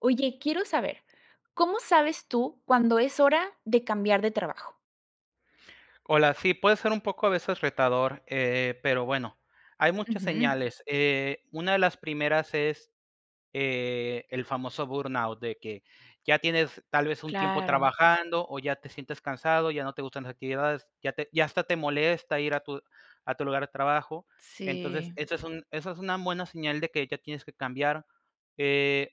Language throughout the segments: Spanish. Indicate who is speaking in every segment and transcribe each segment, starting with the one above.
Speaker 1: Oye, quiero saber, ¿cómo sabes tú, cuando es hora de cambiar de trabajo?
Speaker 2: Hola, sí, puede ser un poco, a veces, retador, eh, pero bueno, hay muchas
Speaker 1: Ujú.
Speaker 2: señales, eh, una de las primeras es, eh, el famoso burnout, de que, ya tienes, tal vez, un tiempo
Speaker 1: Claro.
Speaker 2: trabajando, o ya te sientes cansado, ya no te gustan las actividades, ya te ya hasta te molesta ir a tu a tu lugar de trabajo,
Speaker 1: Sí.
Speaker 2: entonces, eso es un eso es una buena señal de que ya tienes que cambiar, eh,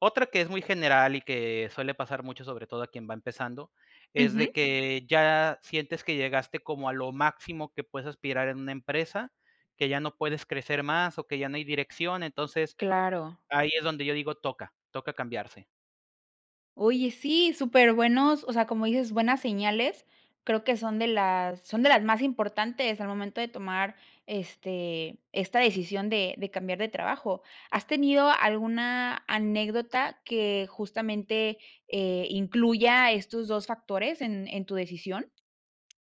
Speaker 2: otra que es muy general y que suele pasar mucho, sobre todo a quien va empezando, es de
Speaker 1: Ujú.
Speaker 2: que ya sientes que llegaste como a lo máximo que puedes aspirar en una empresa, que ya no puedes crecer más, o que ya no hay dirección, entonces,
Speaker 1: Claro.
Speaker 2: ahí es donde yo digo, toca toca cambiarse.
Speaker 1: Oye, sí, superbuenos, o sea, como dices, buenas señales, creo que son de las son de las más importantes al momento de tomar, este, esta decisión de de cambiar de trabajo, ¿has tenido alguna anécdota que, justamente, eh, incluya estos 2 factores en en tu decisión?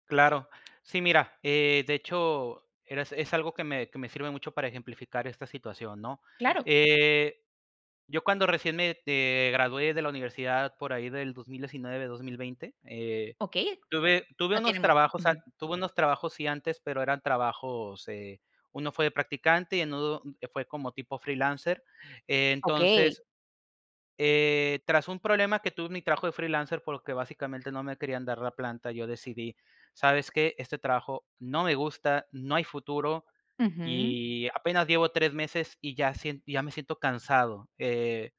Speaker 2: Claro, sí, mira, eh, de hecho, eras es algo que me que me sirve mucho para ejemplificar esta situación, ¿no?,
Speaker 1: Claro.
Speaker 2: eh, yo cuando recién me, eh, gradué de la universidad, por ahí del 2019, 2020, eh,
Speaker 1: Okey,
Speaker 2: tuve tuve
Speaker 1: no
Speaker 2: unos
Speaker 1: tiene mucho,
Speaker 2: trabajos ant
Speaker 1: ujú.
Speaker 2: tuve unos trabajos, sí antes, pero eran trabajos, eh, uno fue de practicante y en uno que fue como tipo freelancer,
Speaker 1: Okey.
Speaker 2: entonces, eh, tras un problema que tuve en mi trabajo de freelancer, porque, básicamente, no me querían dar la planta, yo decidí: "¿Sabes qué?, este trabajo no me gusta, no hay futuro
Speaker 1: Ujú.
Speaker 2: y apenas llevo 3 meses, y ya sien ya me siento cansado", eh,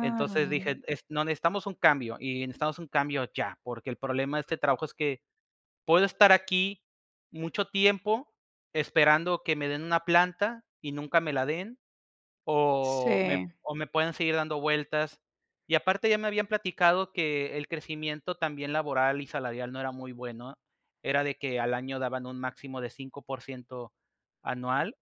Speaker 2: entonces dije: "Est no, necesitamos un cambio y necesitamos un cambio ya, porque, el problema de este trabajo es que, puedo estar aquí mucho tiempo esperando que me den una planta y nunca me la den, o me
Speaker 1: Sí.
Speaker 2: o me puedan seguir dando vueltas", y, aparte, ya me habían platicado que el crecimiento también laboral y salarial no era muy bueno, era de que al año daban un máximo de 5% anual,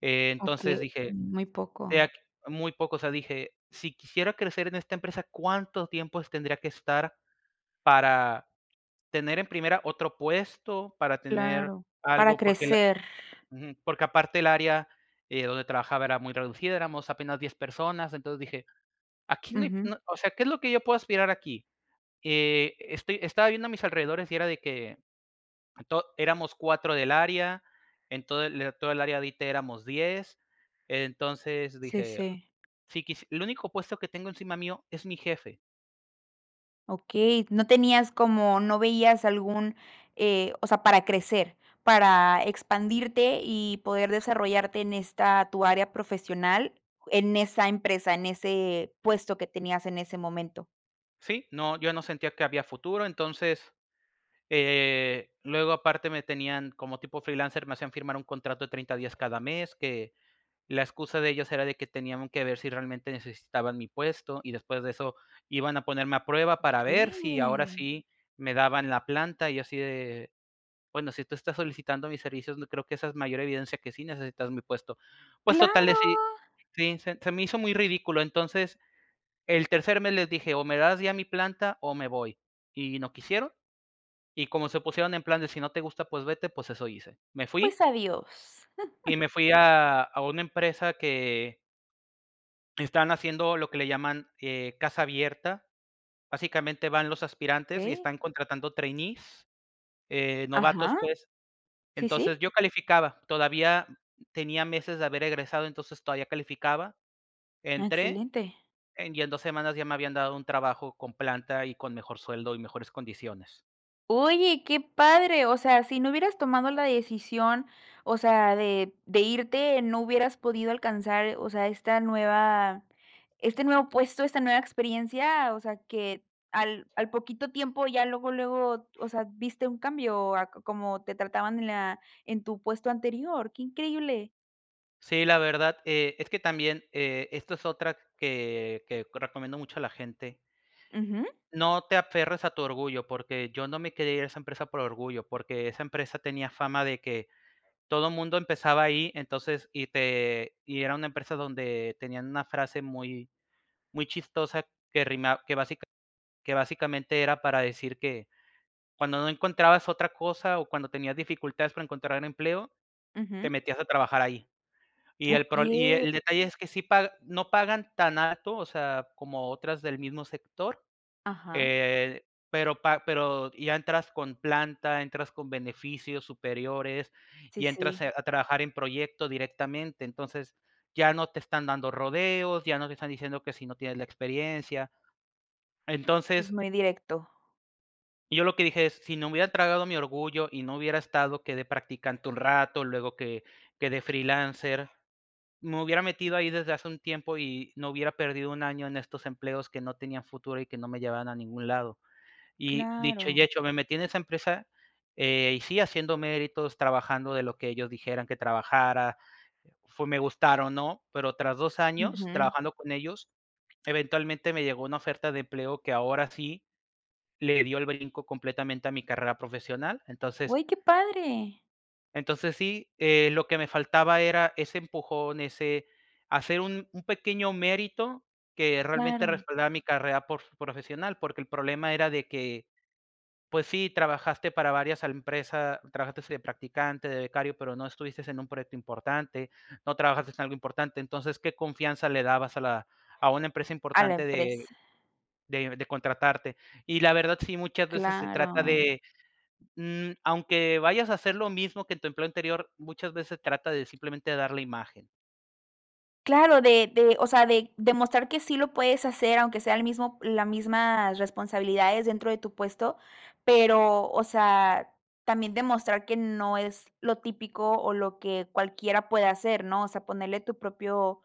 Speaker 2: entonces
Speaker 1: Okey,
Speaker 2: dije,
Speaker 1: muy
Speaker 2: eh
Speaker 1: poco.
Speaker 2: aq muy poco, o sea, dije: "Si quisiera crecer en esta empresa, ¿cuánto tiempo es tendría que estar para tener, en primera, otro puesto, para tener
Speaker 1: Claro, para
Speaker 2: algo?", porque la
Speaker 1: crecer.
Speaker 2: ujú, porque, aparte, el área, eh, donde trabajaba, era muy reducida, éramos apenas 10 personas, entonces, dije: "Aquí no hay,
Speaker 1: Ujú.
Speaker 2: no o sea, ¿qué es lo que yo puedo aspirar aquí?", eh, estoy estaba viendo a mis alrededores y era de que, to éramos 4 del área, en todo el toda el área de ite éramos 10, entonces,
Speaker 1: Sí,
Speaker 2: dije:
Speaker 1: sí.
Speaker 2: "Si quisi el único puesto que tengo encima mío, es mi jefe".
Speaker 1: Okey, no tenías como no veías algún eh, o sea, para crecer, para expandirte y poder desarrollarte en esta tu área profesional en esa empresa, en ese puesto que tenías en ese momento.
Speaker 2: Sí, no, yo no sentía que había futuro, entonces eh, luego aparte me tenían como tipo freelancer me hacían firmar un contrato de 30 días cada mes, que la excusa de ellos era de que tenían que ver si realmente necesitaban mi puesto, y después de eso iban a ponerme a prueba para ver si ahora
Speaker 1: Okey.
Speaker 2: sí me daban la planta y así de: "Bueno, si tú estás solicitando mis servicios, n creo que esa es mayor evidencia que sí necesitas mi puesto". Pues total
Speaker 1: ¡Claro!
Speaker 2: decidí, sí, se se me hizo muy ridículo, entonces, el tercer mes les dije: "O me das ya mi planta o me voy", y no quisieron, y como se pusieron en plan de: "Si no te gusta, pues vete", pues eso hice. Me
Speaker 1: Pues,
Speaker 2: fui
Speaker 1: adiós.
Speaker 2: y me fui a a una empresa que están haciendo lo que le llaman, eh, casa abierta. Básicamente, van los aspirantes y
Speaker 1: Okey.
Speaker 2: están contratando trainees, eh, novatos,
Speaker 1: Ajá.
Speaker 2: pues.
Speaker 1: Sí,
Speaker 2: Entonces,
Speaker 1: sí.
Speaker 2: yo calificaba, todavía tenía meses de haber egresado, entonces, todavía calificaba.
Speaker 1: Ah,
Speaker 2: Entré,
Speaker 1: excelente.
Speaker 2: en y en 2 semanas ya me habían dado un trabajo con planta, y con mejor sueldo, y mejores condiciones.
Speaker 1: Oye, qué padre, o sea, si no hubieras tomado la decisión, o sea, de de irte, no hubieras podido alcanzar, o sea, esta nueva este nuevo puesto, esta nueva experiencia, o sea, que al al poquito tiempo ya luego luego, o sea, viste un cambio a como te trataban en la en tu puesto anterior, qué increíble.
Speaker 2: Sí, la verdad, eh, es que también, eh, esto es otra que que recomiendo mucho a la gente
Speaker 1: Ujú.
Speaker 2: No te aferres a tu orgullo porque yo no me quería ir a esa empresa por orgullo, porque esa empresa tenía fama de que todo mundo empezaba ahí, entonces y te y era una empresa donde tenían una frase muy muy chistosa que rima que basica que básicamente era para decir que cuando no encontrabas otra cosa o cuando tenías dificultades para encontrar empleo, te
Speaker 1: Ujú.
Speaker 2: metías a trabajar ahí. Y el pro y
Speaker 1: Okey.
Speaker 2: el detalle es que sí paga, no pagan tan alto, o sea, como otras del mismo sector,
Speaker 1: Ajá.
Speaker 2: eh, pero pa pero ya entras con planta, entras con beneficios superiores
Speaker 1: Sí,
Speaker 2: y entras,
Speaker 1: sí.
Speaker 2: eh, a trabajar en proyecto directamente, entonces ya no te están dando rodeos, ya no te están diciendo que si no tienes la experiencia.
Speaker 1: Es
Speaker 2: Entonces
Speaker 1: muy directo.
Speaker 2: Yo lo que dije es, si no me hubiera tragado mi orgullo y no hubiera estado que de practicante un rato, luego que que de freelancer, me hubiera metido ahí desde hace un tiempo y no hubiera perdido un año en estos empleos que no tenían futuro y que no me llevaban a ningún lado. Y dicho y
Speaker 1: Claro.
Speaker 2: hecho, me metí en esa empresa, eh, y sí haciendo méritos, trabajando de lo que ellos dijeran que trabajara, fue me gustara o no, pero tras 2 años
Speaker 1: Ujú.
Speaker 2: trabajando con ellos, eventualmente me llegó una oferta de empleo que ahora sí le dio el brinco completamente a mi carrera profesional. Entonces
Speaker 1: Oy, qué padre.
Speaker 2: entonces sí, eh, lo que me faltaba era ese empujón, ese hacer un un pequeño mérito que realmente
Speaker 1: Claro.
Speaker 2: respalda mi carrera porf profesional, porque el problema era de que, pues sí, trabajaste para varias al empresa, trabajaste de practicante, de becario, pero no estuviste en un proyecto importante, no trabajaste en algo importante, entonces, ¿qué confianza le dabas a la a una empresa
Speaker 1: A la
Speaker 2: importante de
Speaker 1: empresa.
Speaker 2: de de contratarte? Y la verdad sí, muchas veces se trata
Speaker 1: Claro.
Speaker 2: de, mm, aunque vayas a hacer lo mismo que en tu empleo anterior, muchas veces trata de simplemente dar la imagen.
Speaker 1: Claro, de de, o sea, de demostrar que sí lo puedes hacer, aunque sea el mismo la mismas responsabilidades, dentro de tu puesto, pero, o sea, también demostrar que no es lo típico o lo que cualquiera puede hacer, ¿no?, o sea, ponerle tu propio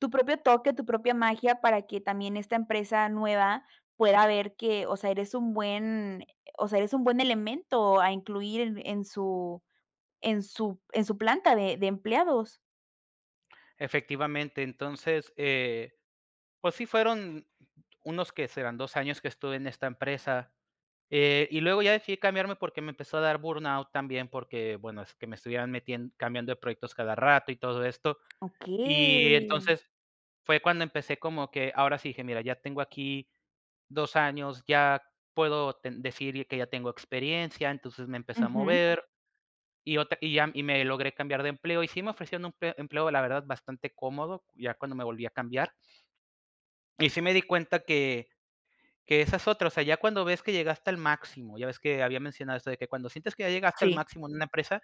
Speaker 1: tu propio toque, tu propia magia para que también esta empresa nueva pueda ver que, o sea, eres un buen, eh, o sea, eres un buen elemento a incluir en en su en su en su planta de de empleados.
Speaker 2: Efectivamente, entonces, eh, pues sí fueron unos, ¿qué serán? 2 años que estuve en esta empresa, eh, y luego ya decidí cambiarme porque me empezó a dar burnout también, porque bueno, es que me estuvieron metien cambiando de proyectos cada rato y todo esto. Y
Speaker 1: Okey.
Speaker 2: entonces, fue cuando empecé como que, ahora sí, dije: "Mira, ya tengo aquí 2 años, ya puedo ten decir que ya tengo experiencia". Entonces, me empecé a
Speaker 1: Ujú.
Speaker 2: mover, y otra y ya y me logré cambiar de empleo, y sí me ofrecían empe empleo, la verdad, bastante cómodo, ya cuando me volví a cambiar. Y sí me di cuenta que que esa es otra, o sea, ya cuando ves que llegaste al máximo, ya ves que había mencionado eso de que, "cuando sientes que ya llegaste al
Speaker 1: Sí.
Speaker 2: máximo en una empresa,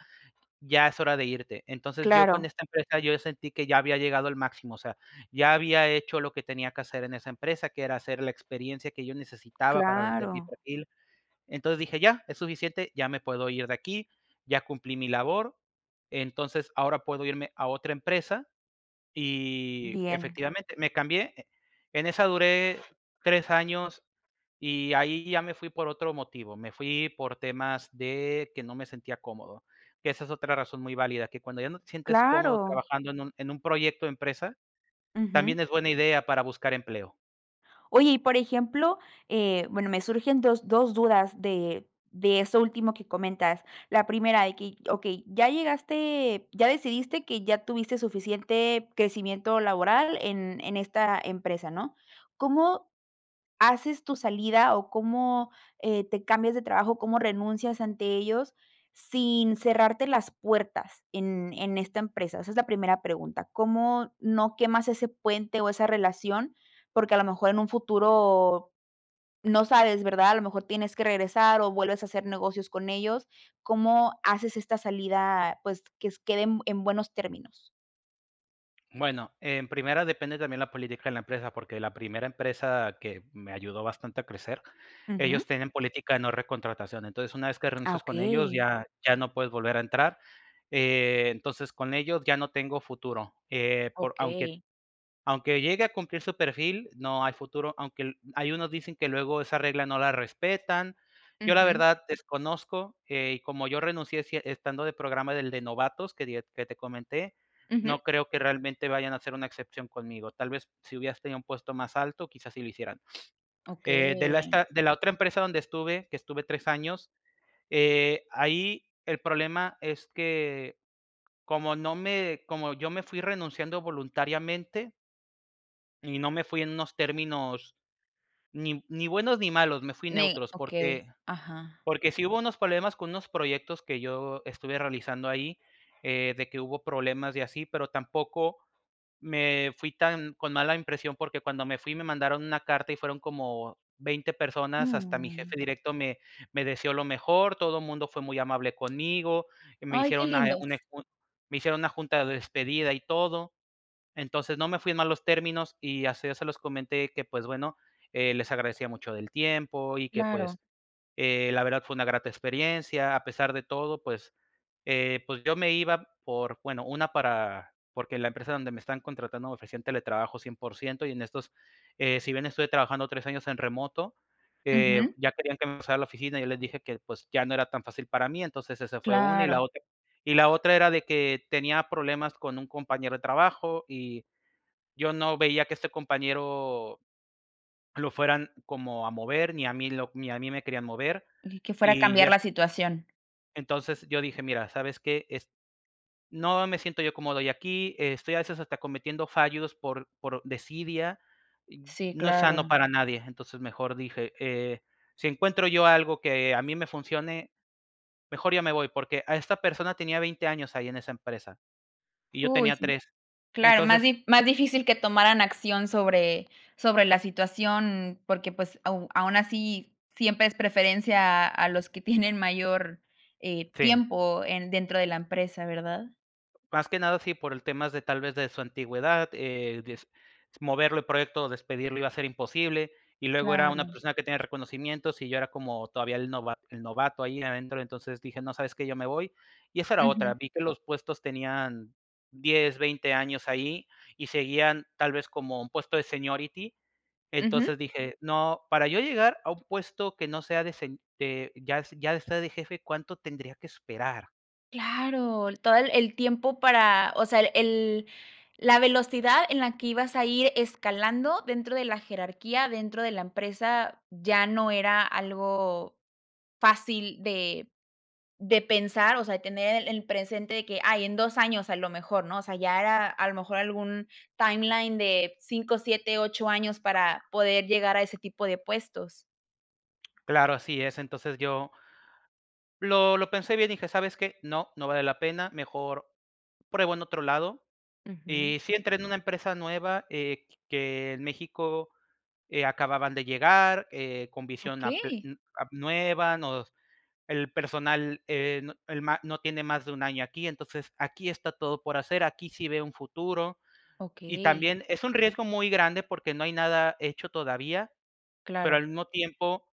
Speaker 2: ya es hora de irte", entonces, yo, con
Speaker 1: Claro
Speaker 2: esta empresa, yo sentí que ya había llegado al máximo, o sea, ya había hecho lo que tenía que hacer en esa empresa, que era hacer la experiencia que yo necesitaba para vender mi
Speaker 1: Claro.
Speaker 2: perfil. Entonces dije: "Ya, es suficiente, ya me puedo ir de aquí, ya cumplí mi labor. Entonces ahora puedo irme a otra empresa", y,
Speaker 1: Bien.
Speaker 2: efectivamente, me cambié, eh, en esa duré 3 años, y ahí ya me fui por otro motivo, me fui por temas de que no me sentía cómodo, que esa es otra razón muy válida, que cuando ya no te sientes cómodo
Speaker 1: Claro.
Speaker 2: trabajando en un en un proyecto o empresa,
Speaker 1: Ujú.
Speaker 2: también es buena idea para buscar empleo.
Speaker 1: Oye, y, por ejemplo, eh, bueno, me surgen 2 2 dudas de de eso último que comentas. La primera de que: "Okey, ya llegaste ya decidiste que ya tuviste suficiente crecimiento laboral en en esta empresa", ¿no? ¿Cómo haces tu salida o cómo, eh, te cambias de trabajo? ¿Cómo renuncias ante ellos, sin cerrarte las puertas en en esta empresa? Esa es la primera pregunta, ¿cómo no quemas ese puente o esa relación? Porque a lo mejor en un futuro no sabes, ¿verdad? A lo mejor tienes que regresar o vuelves a hacer negocios con ellos, ¿cómo haces esta salida? Pues, que s quede en en buenos términos.
Speaker 2: Bueno, en primera, depende también la política de la empresa, porque la primera empresa que me ayudó bastante a crecer, ellos
Speaker 1: Ujú.
Speaker 2: tienen política de no recontratación. Entonces, una vez que
Speaker 1: Ah,
Speaker 2: renuncies con ellos,
Speaker 1: okey.
Speaker 2: ya ya no puedes volver a entrar, eh, entonces, con ellos ya no tengo futuro, eh, por aunque
Speaker 1: Okey.
Speaker 2: aunque llegue a cumplir su perfil, no hay futuro, aunque l ahí unos dicen que luego esa regla no la respetan. Yo, la
Speaker 1: Ujú.
Speaker 2: verdad, desconozco, eh, y como yo renuncié, si e estando de programa del de novatos que die que te comenté,
Speaker 1: Ujú.
Speaker 2: no creo que realmente vayan a ser una excepción conmigo. Tal vez, si hubieras tenido un puesto más alto, quizás sí lo hicieran. Eh, de la
Speaker 1: Okey.
Speaker 2: esta de la otra empresa donde estuve, que estuve 3 años, eh, ahí el problema es que, como no me como yo me fui renunciando voluntariamente. Y no me fui en unos términos ni ni buenos ni malos, me fui
Speaker 1: Ne
Speaker 2: neutros
Speaker 1: okey.
Speaker 2: porque
Speaker 1: Ajá.
Speaker 2: porque sí hubo unos problemas con unos proyectos que yo estuve realizando ahí, eh, de que hubo problemas y así, pero tampoco me fui tan con mala impresión porque cuando me fui me mandaron una carta y fueron como 20 personas, hasta mi
Speaker 1: Mm.
Speaker 2: jefe directo me me deseó lo mejor, todo mundo fue muy amable conmigo, y me
Speaker 1: Ay, qué
Speaker 2: hicieron una, eh,
Speaker 1: lindos.
Speaker 2: une un me hicieron una junta de despedida y todo. Entonces no me fui en malos términos y así, ya se los comenté, que, pues bueno, eh, les agradecía mucho del tiempo y que,
Speaker 1: Claro.
Speaker 2: pues, eh, la verdad fue una grata experiencia, a pesar de todo, pues, eh, pues, yo me iba por, bueno, una para porque la empresa donde me están contratando ofrecían teletrabajo 100 % y en estos, eh, si bien estuve trabajando 3 años en remoto, eh,
Speaker 1: Ujú.
Speaker 2: ya querían que me pasara a la oficina y yo les dije que, pues, ya no era tan fácil para mí, entonces esa fue una y la
Speaker 1: Claro.
Speaker 2: otra y la otra era de que tenía problemas con un compañero de trabajo y yo no veía que este compañero lo fueran como a mover, ni a mí lo ni a mí me querían mover
Speaker 1: Ni que fuera a
Speaker 2: y ya
Speaker 1: cambiar
Speaker 2: f
Speaker 1: la situación.
Speaker 2: Entonces yo dije: "Mira, ¿sabes qué? Es no me siento yo cómodo ya aquí, estoy a veces hasta cometiendo fallos por por desidia, y
Speaker 1: Sí,
Speaker 2: no es
Speaker 1: claro.
Speaker 2: sano para nadie". Entonces, mejor dije: "Eh, si encuentro yo algo que a mí me funcione, mejor ya me voy", porque a esta persona tenía 20 años ahí en esa empresa, y yo
Speaker 1: Uy,
Speaker 2: tenía
Speaker 1: sí.
Speaker 2: 3,
Speaker 1: Claro, más
Speaker 2: entonces
Speaker 1: di más difícil que tomaran acción sobre sobre la situación, porque, pues, au aún así siempre es preferencia a a los que tienen mayor, eh,
Speaker 2: Sí.
Speaker 1: tiempo en dentro de la empresa, ¿verdad?
Speaker 2: Más que nada sí por el temas de, tal vez, de su antigüedad, eh, des moverlo del proyecto o despedirlo iba a ser imposible, y luego era una
Speaker 1: Claro.
Speaker 2: persona que tenía reconocimientos y yo era como todavía el nova el novato ahí adentro, entonces dije: "No, ¿sabes qué? Yo me voy". Y esa era otra,
Speaker 1: Ujú.
Speaker 2: vi que los puestos tenían 10, 20 años ahí y seguían, tal vez, como un puesto de seniority,
Speaker 1: Ujú.
Speaker 2: entonces dije: "No, para yo llegar a un puesto que no sea de sen de ya es ya estar de jefe, cuánto tendría que esperar".
Speaker 1: Claro, el todo el el tiempo para, o sea, el el la velocidad en la que ibas a ir escalando dentro de la jerarquía, dentro de la empresa, ya no era algo fácil de de pensar, o sea, de tener el el presente de que: "Ay, en 2 años, a lo mejor", ¿no? O sea, ya era a lo mejor algún timeline de 5, 7, 8 años para poder llegar a ese tipo de puestos.
Speaker 2: Claro, así es, entonces yo lo lo pensé bien, dije: "¿Sabes qué? No, no vale la pena; mejor pruebo en otro lado".
Speaker 1: Ujú.
Speaker 2: Y sí, entré en una empresa nueva, eh, q que en México, eh, acababan de llegar, eh, con visión a pe
Speaker 1: Okey.
Speaker 2: uh ap nueva, nos El personal, eh, no el, ma no tiene más de un año aquí, entonces aquí está todo por hacer, aquí sí veo un futuro. Y
Speaker 1: Okey.
Speaker 2: también es un riesgo muy grande porque no hay nada hecho todavía, pero
Speaker 1: Claro.
Speaker 2: al mismo tiempo,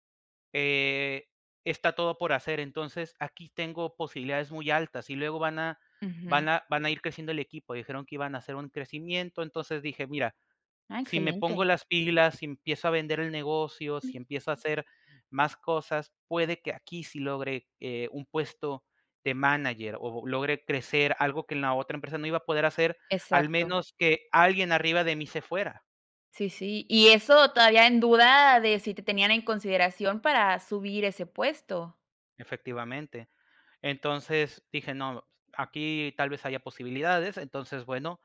Speaker 2: eh, está todo por hacer, entonces aquí tengo posibilidades muy altas, y luego van a
Speaker 1: Ujú.
Speaker 2: van a van a ir creciendo el equipo, dijeron que iban a hacer un crecimiento, entonces, dije: "Mira,
Speaker 1: Ah,
Speaker 2: si me pongo
Speaker 1: excelente.
Speaker 2: las pilas y empiezo a vender el negocio, si
Speaker 1: Mm.
Speaker 2: empiezo a hacer más cosas, puede que aquí sí logre, eh, un puesto de manager, o logre crecer", algo que en la otra empresa no iba a poder hacer, al
Speaker 1: Exacto.
Speaker 2: menos que alguien arriba de mí se fuera.
Speaker 1: Sí, sí. Y eso todavía en duda de si te tenían en consideración para subir ese puesto.
Speaker 2: Efectivamente. Entonces dije: "No, aquí tal vez haya posibilidades", entonces, bueno,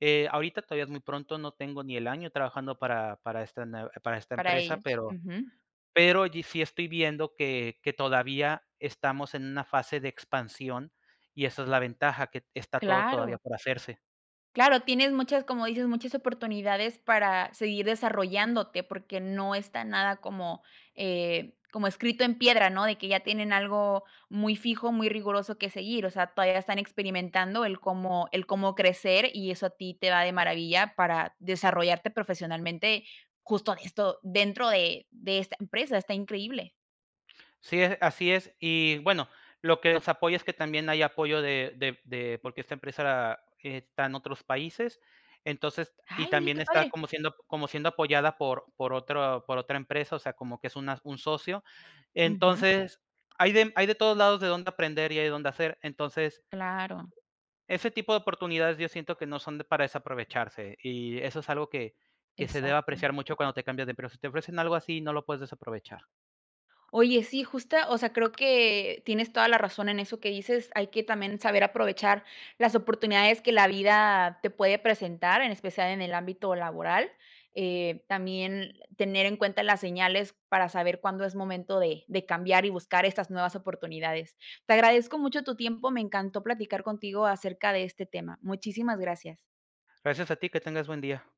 Speaker 2: eh, ahorita todavía es muy pronto, no tengo ni el año trabajando para para esta nuev para esta
Speaker 1: Para
Speaker 2: empresa,
Speaker 1: ellos,
Speaker 2: pero
Speaker 1: ujú.
Speaker 2: pero sí estoy viendo que que todavía estamos en una fase de expansión y esa es la ventaja, que está todo todavía
Speaker 1: Claro.
Speaker 2: por hacerse.
Speaker 1: Claro, tienes muchas, como dices, muchas oportunidades para seguir desarrollándote, porque no está nada como, eh, como escrito en piedra, ¿no?, de que ya tienen algo muy fijo, muy riguroso que seguir, o sea, todavía están experimentando el cómo el cómo crecer y eso a ti te va de maravilla para desarrollarte profesionalmente, justo de esto, dentro de de esta empresa, está increíble.
Speaker 2: Sí, e así es. Y bueno, lo que nos apoya es que también hay apoyo de de de porque esta empresa está en otros países, entonces y
Speaker 1: Ay, mira,
Speaker 2: también
Speaker 1: qué
Speaker 2: está
Speaker 1: padre.
Speaker 2: como siendo como siendo apoyada por por otro por otra empresa, o sea, como que es una un socio,
Speaker 1: Ujú.
Speaker 2: entonces hay de, hay de todos lados de dónde aprender y hay dónde hacer, entonces
Speaker 1: Claro.
Speaker 2: ese tipo de oportunidades yo siento que no son de para desaprovecharse, y eso es algo que que se debe
Speaker 1: Exacto.
Speaker 2: apreciar mucho cuando te cambias de empleo. Si te ofrecen algo así, no lo puedes desaprovechar.
Speaker 1: Oye, sí, justa, o sea, creo que tienes toda la razón en eso que dices, hay que también saber aprovechar las oportunidades que la vida te puede presentar, en especial en el ámbito laboral, eh, también tener en cuenta las señales, para saber cuándo es momento de de cambiar y buscar estas nuevas oportunidades. Te agradezco mucho tu tiempo, me encantó platicar contigo acerca de este tema. Muchísimas gracias.
Speaker 2: Gracias a ti, que tengas buen día.